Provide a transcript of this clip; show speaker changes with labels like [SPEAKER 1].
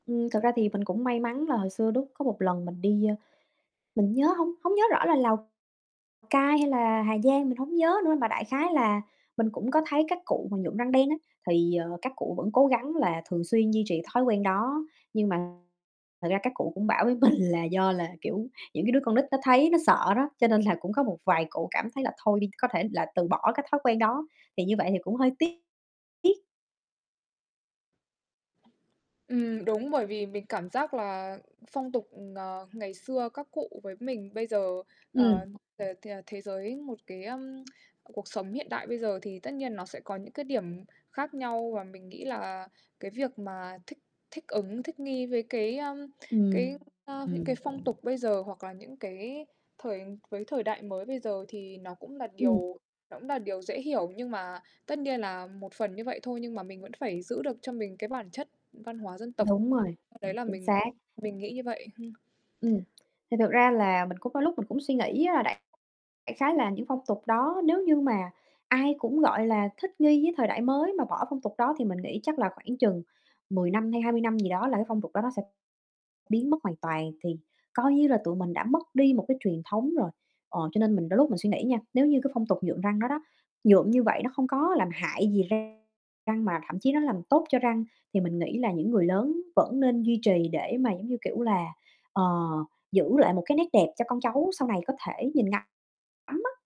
[SPEAKER 1] Ừm, thực ra thì mình cũng may mắn là hồi xưa đúc có một lần mình đi, ơ mình nhớ hông hông nhớ rõ là Lào Cai hay là Hà Giang, mình hổng nhớ nữa, mà đại khái là mình cũng có thấy các cụ mà nhuộm răng đen á, thì, ờ, các cụ vẫn cố gắng là thường xuyên duy trì thói quen đó. Nhưng mà thật ra các cụ cũng bảo với mình là do là, kiểu, những cái đứa con nít nó thấy nó sợ đó, cho nên là cũng có một vài cụ cảm thấy là thôi đi, có thể là từ bỏ cái thói quen đó, thì như vậy thì cũng hơi tiếc tiếc.
[SPEAKER 2] Ừm, đúng, bởi vì mình cảm giác là phong tục, ờ, ngày xưa các cụ với mình bây giờ,
[SPEAKER 1] Ừm.
[SPEAKER 2] ờ, ờ, ờ, thế giới, một cái, ơm, cuộc sống hiện đại bây giờ thì tất nhiên nó sẽ có những cái điểm khác nhau. Và mình nghĩ là cái việc mà thích thích ứng, thích nghi với cái, ờm, cái,
[SPEAKER 1] Ừm.
[SPEAKER 2] a những cái
[SPEAKER 1] Ừm.
[SPEAKER 2] phong tục bây giờ hoặc là những cái thời với thời đại mới bây giờ thì nó cũng là
[SPEAKER 1] Ừm.
[SPEAKER 2] điều nó ecũng là điều dễ hiểu, nhưng mà tất nhiên là một phần như vậy thôi, nhưng mà mình vẫn phải giữ được cho mình cái bản chất văn hóa dân tộc,
[SPEAKER 1] Đúng rồi,
[SPEAKER 2] [unintelligible] đấy là
[SPEAKER 1] chính
[SPEAKER 2] mình
[SPEAKER 1] xác.
[SPEAKER 2] mình nghĩ như vậy, hưm.
[SPEAKER 1] Ừm, thì thực ra là mình cũng có lúc mình cũng suy nghĩ á, là đại đại khái là những phong tục đó nếu như mà ai cũng, gọi là, thích nghi với thời đại mới mà bỏ phong tục đó thì mình nghĩ chắc là khoảng chừng 10 năm hay 20 năm gì đó là cái phong tục đó nó sẽ biến mất hoàn toàn, thì coi như là tụi mình đã mất đi một cái truyền thống rồi. Ờ, cho nên mình đôi lúc mình suy nghĩ nha, nếu như cái phong tục nhuộm răng đó đó, nhuộm như vậy nó không có làm hại gì răng răng, mà thậm chí nó làm tốt cho răng, thì mình nghĩ là những người lớn vẫn nên duy trì để mà, giống như kiểu là, ờ, giữ lại một cái nét đẹp cho con cháu sau này có thể nhìn ngắm ngắm á.